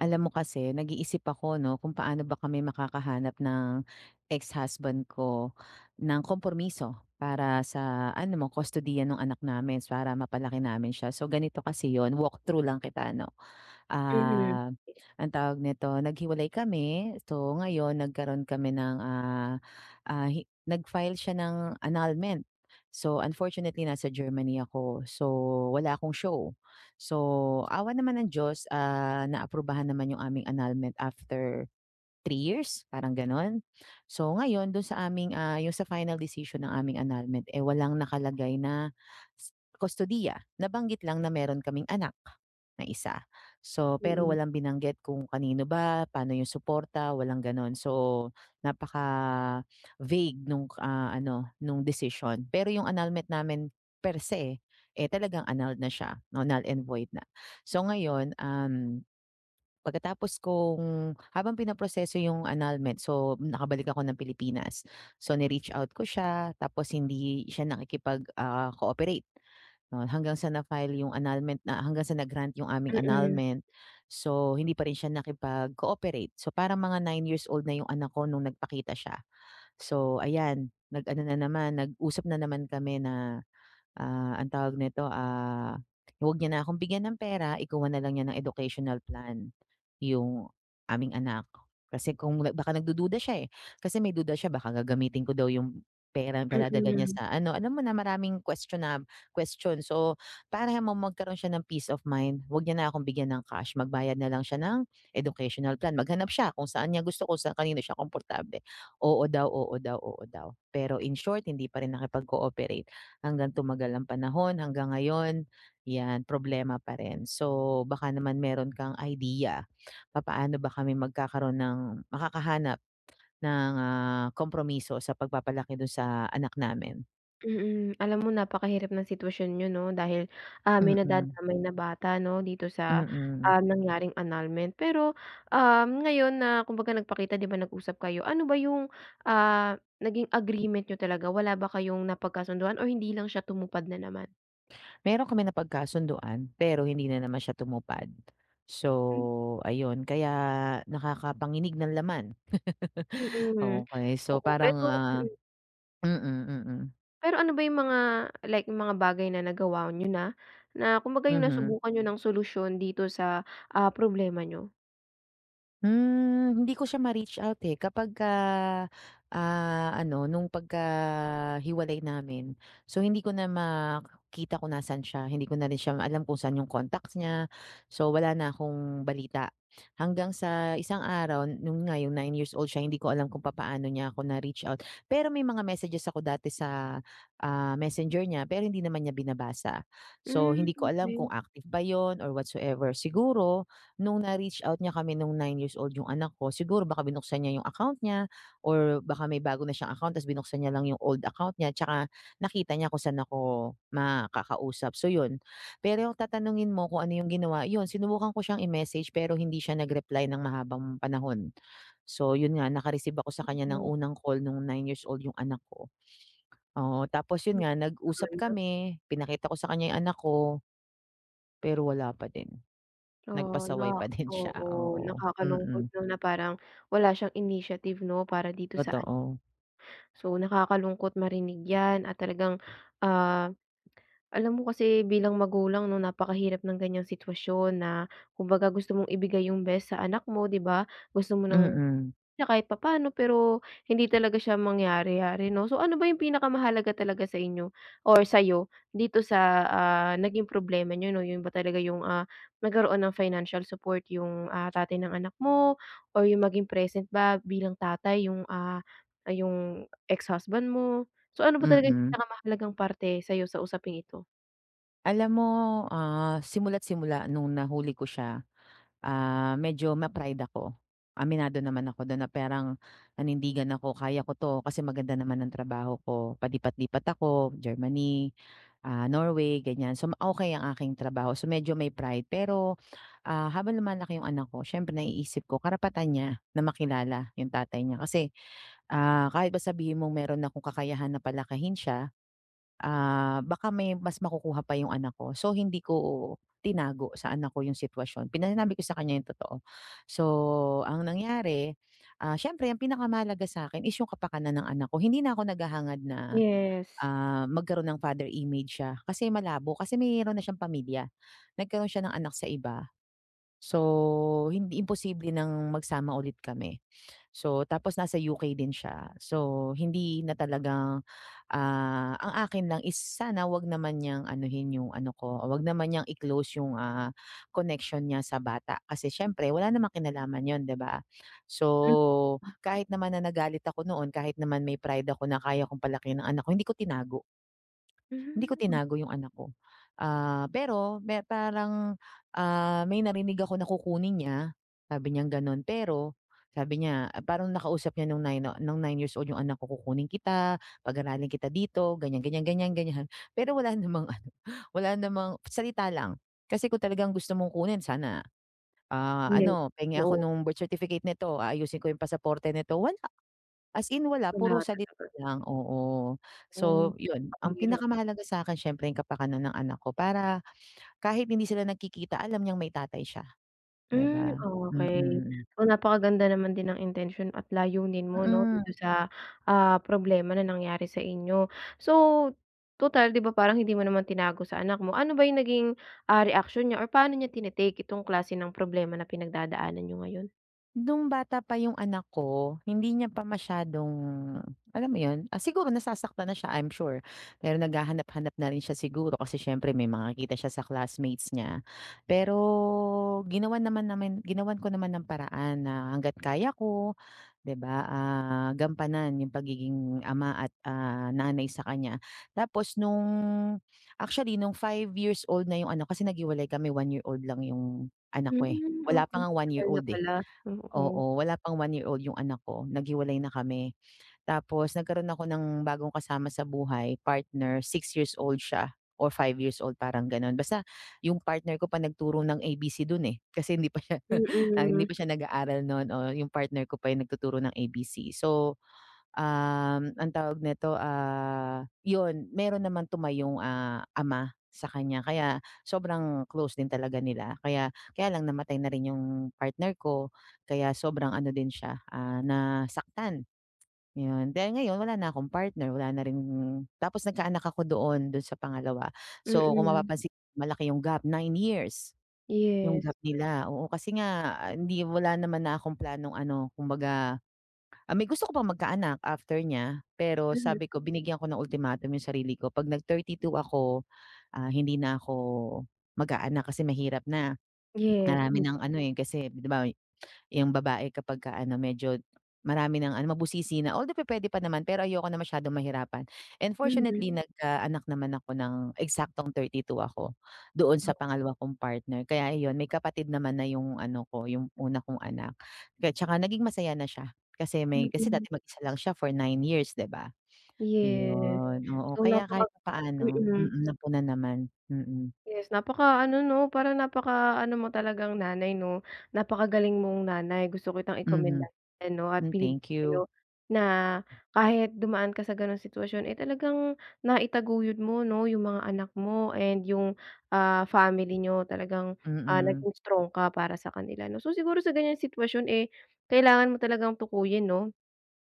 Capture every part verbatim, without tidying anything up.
Alam mo kasi nag-iisip ako 'no, kung paano ba kami makakahanap ng, ex-husband ko, ng kompromiso, para sa ano mo kustodiya nung anak namin, para mapalaki namin siya so ganito kasi yun, walk through lang kita 'no. Mhm. Ah, ang tawag nito? Nag-hiwalay kami, so ngayon nagkaroon kami ng, ah ah, hi nag file siya ng annulment. So unfortunately nasa Germany ako, so wala akong show. So, awa naman ng Diyos, ah, na-aprubahan naman yung aming annulment after three years? Parang ganon? So ngayon dun sa aming, ah, yung sa final decision ng aming annulment, eh, walang nakalagay na kustodiya. Nabanggit lang na meron kaming anak na isa. So pero Mm. walang binanggit kung kanino ba? Paano yung suporta? Walang ganon so, napaka-vague nung, ah, ano nung decision. Pero yung annulment namin perse, eh, talagang annulled na siya, no null and void na. So ngayon, um, pagkatapos kong habang pinaproseso yung annulment, so nakabalik ako ng Pilipinas, so ni-reach out ko siya, tapos hindi siya nakikipag ah, cooperate. Hanggang sa na-file yung annulment na hanggang sa na-grant yung aming Mm. annulment, so hindi pa rin siya nakipag-cooperate so parang mga nine years old na yung anak ko nung nagpakita siya. So ayan, nag-ano na naman, nag-usap na naman kami na, ah, ang tawag nito, ah, wag niya na akong bigyan ng pera, ikuha nalang niya ng Educational Plan, yung aming anak. Kasi kung baka nag-dududa siya, eh, kasi may duda siya baka gagamitin ko daw yung pera padadala niya Mm. sa ano alam mo na maraming question na question. So para magkaroon siya ng peace of mind wag niya na akong bigyan ng cash magbayad na lang siya ng Educational Plan, maghanap siya kung saan niya gusto ko sa kanino siya komportable. Oo daw, oo daw, oo daw. Pero in short hindi pa rin nakipag-cooperate. Hanggang tumagal ng panahon, hanggang ngayon, yan, problema pa rin so, baka naman meron kang idea, papaano ba kami magkakaroon ng makakahanap ng, ah, kompromiso sa pagpapalaki dun sa anak namin? Mm, alam mo napakahirap ng sitwasyon niyo, 'no? Dahil, ah, may Mm. nadadamay na bata, no? Dito sa, Mm. ah, nangyaring annulment. Pero, um, ngayon na kumbaga nagpakita, di ba, nag-usap kayo. Ano ba yung, ah, naging agreement niyo talaga? Wala ba kayong napagkasunduan or hindi lang siya tumupad na naman? Meron kami napagkasunduan pero hindi na naman siya tumupad. Hmm. So, ayun kaya nakakapanginig ng laman. Mm, Okey so, oo. parang, Pero ah mm. mm, mm. Pero ano ba yung mga like yung mga bagay na nagawa niyo na na kumbaga yung Mhm. nasubukan niyo ng solusyon dito sa, ah, problema niyo? Hmm, hindi ko siya ma-reach out, eh. Kapagka, ah, ano nung pagkahiwalay namin. So, hindi ko na makita kung nasaan siya, hindi ko na rin siya alam kung saan 'yong contacts niya. So, wala na akong balita. Hanggang sa isang araw, non nga yung nine-years-old siya hindi ko alam kung papaano niya ako na-reach out. Pero may mga messages ako dati sa, ah, messenger niya. Pero hindi naman niya binabasa. So, Hmm, hindi ko alam kung okey. active ba yun or whatsoever. Siguro, nung na-reach out niya kami nung nine-years-old yung anak ko. Siguro baka binuksan niya yung account niya or baka may bago na siyang account tas binuksan niya lang 'yong old account niya, tsaka nakita niya kung saan ako makakausap, so, yun. Pero tatanungin mo kung ano yung ginawa, yun sinubukan ko siyang i-message pero hindi siya nag-reply ng mahabang panahon. So, yun nga naka-receive ako sa kanya ng Okey. unang call nung nine-years-old yung anak ko. Oo, tapos Hmm, yun nga nag-usap tagal na. kami pinakita ko sa kanya yung anak ko, pero wala pa din. Oo, no? Nagpasaway pa din siya, Oo, oo, nakakalungkot mm. lang na parang wala siyang initiative, 'no, para dito sa an Totoo. So, nakakalungkot marinig yan at talagang, ah, alam mo kasi bilang magulang, no? Napakahirap ng ganyang sitwasyon na kumbaga gusto mong ibigay yung best sa anak mo, di ba? Gusto mo ng Mm. na kahit papaano pero hindi talaga siya mangyari-yari, 'no? So, ano ba yung pinakamahalaga talaga sa inyo or sayo dito sa, ah, naging problema niyo, 'no? Yun ba talaga yung, ah, nagkaroon ng financial support yung, ah, tatay ng anak mo or yung maging present ba bilang tatay yung, ah, yung ex husband mo. So, ano ba talaga yung Mm. pinakamahalagang parte sa'yo sa usaping ito? Alam mo, ah, simula't-simula no'ng nahuli ko siya, ah, medyo ma-pride ako, aminado naman ako do'n, na parang perang nanindigan ako, "Kaya ko 'to, kasi maganda naman ang trabaho ko", palipat-lipat ako Germany, ah, Norway, ganyan. So, ma okay ang aking trabaho. So, medyo may pride, pero, ah, habang lumalaki yung anak ko, siyempre naiisip ko karapatan niya, na makilala yung tatay niya. Kasi, ah, kahit pa sabihin mong meron akong kakayahan na palakihin siya, ah, baka may mas makukuha pa yung anak ko. So, hindi ko, tinago sa anak ko yung sitwasyon, pina sinabi ko sa kanya yung totoo. So, ang nangyari, ah, siyempre ang pinakamahalaga sa'kin is yung kapakanan ng anak ko, hindi na ako naghahangad na, Yes. ah, magkaroon ng father image siya, kasi malabo. Kasi meron na siyang pamilya, nagkaroon siya ng anak sa iba, so, hindi imposible nang magsama ulit kami. So, tapos nasa U-K din siya, so, hindi na talagang, ah ang akin lang is sana huwag naman niyang anuhin yung ano ko, huwag naman niyang i-close yung, ah, connection niya sa bata, kasi siyempre wala namang kinalaman 'yon, 'di ba? Hmm. So, Punta? kahit naman na, nagalit ako noon, kahit naman may pride ako, na kaya kong palakihin ang anak ko, hindi ko tinago. Hindi ko Mhm, hmm. tinago yung anak ko. Ah, pero me parang, ah, may narinig ako na kukunin niya, sabi niyang gano'n. Pero, sabi niya, parang nakausap niya no'ng nine o no'ng nine-years-old yung anak ko, "Kukunin kita, pag-aralin kita dito", ganyan-ganyan, ganyan-ganyan. Pero, wala namang ano, wala namang salita lang. Kasi, kung talagang gusto mong kunin sana, ah, Yes, ano, "Penge ako oo. no'ng birth certificate nito, aayusin ko yung pasaporte nito", wala. As in, wala, Wala puro rin salit naman. lang, oo, Oh, so, 'yon ang mahirap. pinakamahalaga sa'kin siyempre yung kapakanan ng anak ko, para kahit hindi sila nagkikita, alam niyang may tatay siya, 'di Hmm, ba? okey. Mm. O, napakaganda naman din ng intensyon at layunin mo, 'no, Mm. dito sa, ah, problema na nangyari sa inyo. So, tutal, 'di ba, parang hindi mo naman tinago sa anak mo, ano ba yung naging, ah, reaction niya or paano niya tine-take itong klase ng problema na pinagdadaanan niyo ngayon? Nung bata pa yung anak ko, hindi niya pa masyadong alam mo yun ah, siguro nasasaktan na siya, I'm sure. Pero naghahanap-hanap na rin siya siguro kasi siyempre may nakikita siya sa classmates niya, pero ginawan naman namin ginawan ko naman ng paraan na hangga't kaya ko, 'di ba, ah, gampanan yung pagiging ama at, ah, nanay sa kanya. Tapos nung actually nung five-years-old na yung anak ko, kasi naghiwalay kami one-year-old lang yung anak ko eh, Hmm, wala pa okey. ngang Tagal na one-year-old, eh. pala, oo. Oo, wala pang one-year-old yung anak ko, naghiwalay na kami. Tapos nagkaroon ako ng bagong kasama sa buhay, partner six-years-old siya or five-years-old parang ganon. Basta, yung partner ko pa nagturo ng A-B-C dun, eh. Kasi hindi pa siya hindi Mm. pa siya nag-aaral nun, oo yung partner ko pa yung nagtuturo ng A-B-C. So, um, ang tawag nito, ah, yun meron naman tumayong, ah, ama sa kanya kaya sobrang close din talaga nila, kaya kaya lang namatay na rin yung partner ko, kaya sobrang ano din siya, ah, nasaktan, ayun. Dahil ngayon wala na akong partner, wala na rin tapos nagkaanak ako doon dun sa pangalawa. So kung Mm. mapapansin malaki yung gap, nine years yung Yes. gap nila. Oo kasi nga hindi wala naman na akong planong ano kumbaga, ah, I mean gusto ko pang magkaanak after niya. Pero Mhm. sabi ko binigyan ko ng ultimatum yung sarili ko 'pag nag thirty two ako, ah, hindi na ako mag-aanak kasi mahirap na, Yes, marami m ng ano, eh, kasi, di ba yung babae kapagka ano medyo marami ng ano mabusisi na although pupuwede pa naman pero ayoko na masyadong mahirapan. And Mhm. fortunately, nagkaanak naman ako ng eksaktong thirty two ako doon sa pangalawa kong partner, kaya ayun may kapatid naman na yung ano ko yung una kong anak, kaya 'tsaka naging masaya na siya, kasi may kasi Mm. dati mag-isa lang siya for nine years, 'di ba, Yes. ayun. Oo, So kaya kahit napaka papaano na mm. mm napunan naman mm. Yes napakaano, 'no para napakaano mo talagang nanay, 'no? Napakagaling mong nanay, gusto kitang Mhm. ikomendahan 'no at Hmm, sabihin thank sa 'yo you. na kahit dumaan ka sa ganong sitwasyon, eh, talagang naitaguyod mo, 'no, yung mga anak mo and yung, ah, family niyo, talagang, ah, Mm. naging strong ka para sa kanila, 'no? So siguro sa ganyan sitwasyon, eh, kailangan mo talagang tukuyin, 'no,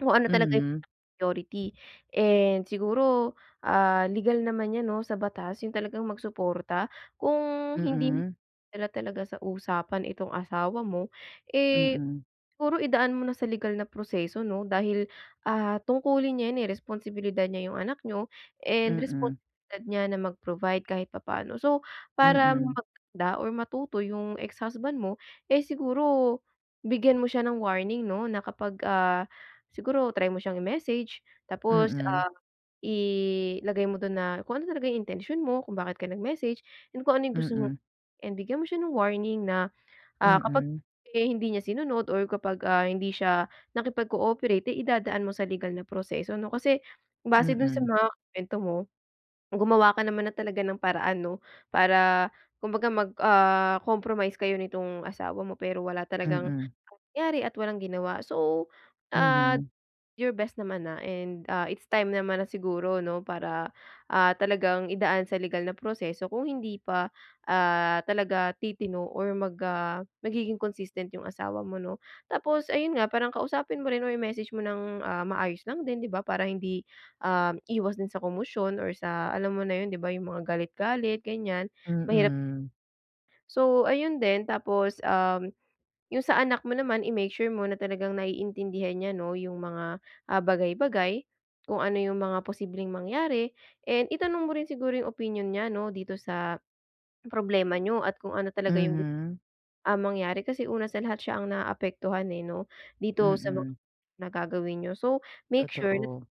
kung ano talaga yung Mhm. priority. And siguro, ah, legal naman 'yan, 'no, sa batas yung talagang magsuporta. Kung hindi mo Mm. madala talaga sa usapan itong asawa mo, eh, Mm. siguro idaan mo na sa legal na proseso, 'no? Dahil, ah, tungkulin niya yan, eh, responsibilidad niya yung anak niyo, and Mm. responsibilidad niya na mag-provide kahit papaano. So para Mm. maganda or matuto yung ex-husband mo, eh, siguro bigyan mo siya ng warning, 'no, na kapag, ah, siguro try mo siyang i-message tapos, Mm. ah, ilagay mo dun na kung ano talaga yung intensyon mo, kung bakit ka nag-message, kung ano yung gusto mong Mm. and bigyan mo siya ng warning na, ah, kapag Mm. eh hindi niya sinunod or kapag, ah, hindi siya nakipag-cooperate, eh, idadaan mo sa legal na proseso, 'no. Kasi, base dun sa Mm. mga kuwento mo, gumawa ka naman na talaga ng paraan, 'no, para kumbaga mag ah, compromise kayo nitong asawa mo, pero wala talagang Mm. nangyari at walang ginawa. So, ah Mhm. you're best naman na and, ah, it's time naman na siguro, 'no, para, ah, talagang idaan sa legal na proseso kung hindi pa, ah, talaga titino or mag, ah, magiging consistent yung asawa mo, 'no? Tapos ayun nga parang kausapin mo rin o i-message mo ng, ah, maayos lang din, 'di ba, para hindi, um, iwas din sa komosyon or sa alam mo na yun, 'di ba, yung mga galit-galit ganiyan, mahirap Mm. So ayun din, tapos, um, yung sa anak mo naman i-make sure mo na talagang naiintindihan niya, 'no, yung mga, ah, bagay-bagay. Kung ano yung mga posibleng mangyari and itanong mo rin siguro yung opinyon niya, 'no, dito sa problema niyo at kung ano talaga yung gu Mhm. ah, mangyari, kasi una sa lahat siya ang naapektuhan, eh, 'no, dito sa mga Mm. na gagawin niyo. So, make sure na Totoo.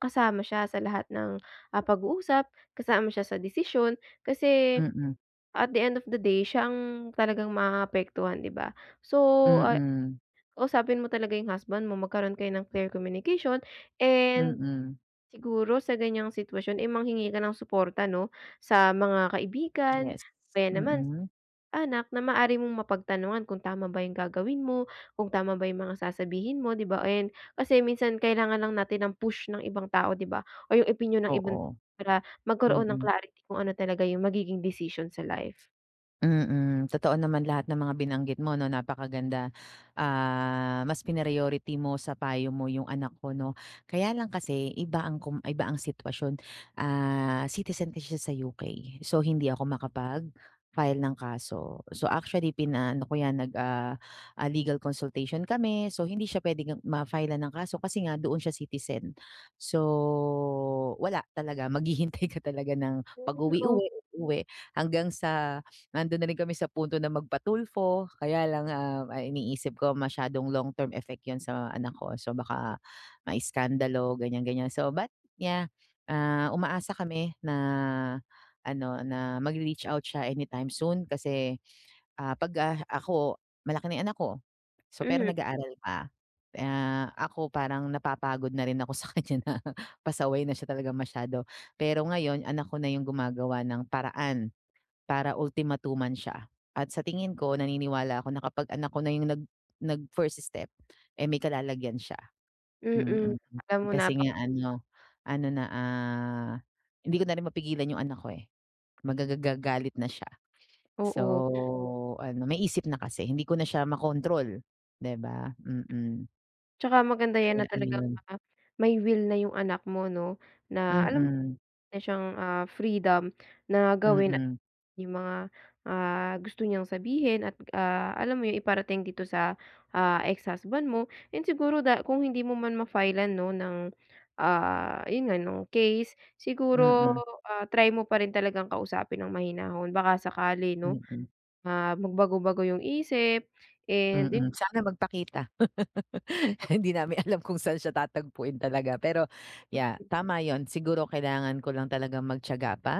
kasama siya sa lahat ng, ah, pag-uusap, kasama siya sa desisyon, kasi Mm. at the end of the day, siya ang talagang maapektuhan, 'di ba? So, ah Mm. kausapin mo talaga yung husband mo, magkaroon kayo ng clear communication, and Mm. siguro sa ganiyang sitwasyon ay manghingi ka ng suporta, 'no? Sa mga kaibigan, Yes s kaya naman mm. anak, na maaari mong mapagtanungan kung tama ba yung gagawin mo, kung tama ba yung mga sasabihin mo, 'di ba, and kasi minsan kailangan lang natin ang push ng ibang tao, 'di ba, o yung opinyon ng iban Oo, para magkaroon ng mm. clarity kung ano talaga yung magiging desisyon sa life. Mm, totoo naman lahat ng mga binanggit mo 'no, napakaganda, ah, mas pina-priority mo sa payo mo 'yung anak ko 'no. Kaya lang kasi iba ang kom iba ang sitwasyon, ah, citizen kasi siya sa U-K, so, hindi ako makapag-file ng kaso. So actually pinaano ko 'yan, nag ah, ah, legal consultation kami so hindi siya pwedeng ma-file-lan ng kaso kasi nga doon siya citizen. So, wala talaga, maghihintay ka talaga ng Hmm, pag-uwi op uwi uwi hanggang sa nando'n na rin kami sa punto na magpa-Tulfo, kaya lang, ah, ang iniisip ko masyadong long term effect 'yun sa anak ko, so baka maiskandalo, ganiyan, ganiyan. So but yeah, ah, umaasa kami na ano, na magre-reach out siya anytime soon kasi, ah, 'pag, ah, ako malaki na yung anak ko so pero Mhm. nag-aaral pa. Ah, ako parang napapagod na rin ako sa kaniya na pasaway na siya talaga masyado, pero ngayon anak ko na 'yung gumagawa ng paraan para ultimatuman siya. At sa tingin ko naniniwala ako na kapag anak ko na 'yung nag nag-first step, eh, may kalalagyan siya, Mm, mm. alam mo Kasi napak nga ano ano na, ah, hindi ko na rin mapigilan 'yung anak ko, eh, magagagalit na siya, so Oo. ano may isip na kasi hindi ko na siya makontrol, 'di ba? Mm. Tsaka maganda 'yan Kaya na talagang, ayun. ah, may will na 'yung anak mo 'no, na alam meron Mm. na siyang, ah, freedom na gawin Mm. 'yung mga, ah, gusto niyang sabihin at, ah, alam mo 'yun, iparating dito sa, ah, ex-husband mo. 'Yun siguro da kung hindi mo man ma-file-lan 'no, ng, ah, 'yun nga, ng case siguro, Mm. ah, try mo pa rin talagang kausapin ng mahinahon baka sakali 'no, Mm. ah, magbago-bago 'yung isip and 'yu Mm, sana magpakita. Hindi namin alam kung saan siya tatagpuin talaga pero, yeah, tama 'yun siguro kailangan ko lang talagang magtiyaga pa,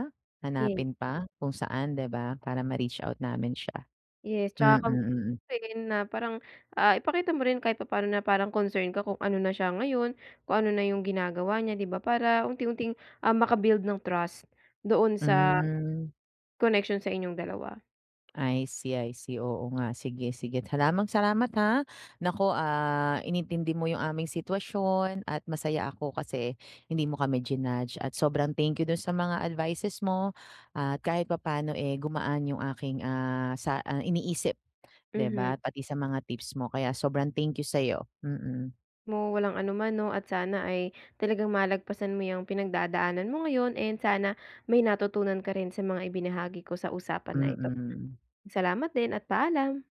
Yeah. hanapin pa kung saan, 'di ba, para ma-reach out namin siya. Yes, tsaka Mm, mm. kumustahin na parang, ah, ipakita mo rin kahit papaano na parang concern ka kung ano na siya ngayon, kung ano na 'yung ginagawa niya, 'di ba, para unti-unting, ah, maka-build ng trust doon sa Hmm. connection sa inyong dalawa. I see, I see. Oo nga, sige, sige. Talamang salamat ha, naku, ah, inintindi mo 'yung aming sitwasyon at masaya ako kasi hindi mo kami jinudge at sobrang thank you do'n sa mga advices mo at kahit papaano, eh, gumaan 'yung aking, ah, sa iniisip 'di ba, Mhm. pati sa mga tips mo kaya sobrang thank you sa'yo, mm. Mo walang anuman 'no, at sana ay talagang malagpasan mo 'yang pinagdadaanan mo ngayon and sana may natutunan ka rin sa mga ibinahagi ko sa usapan na ito. Mm. Salamat din at paalam.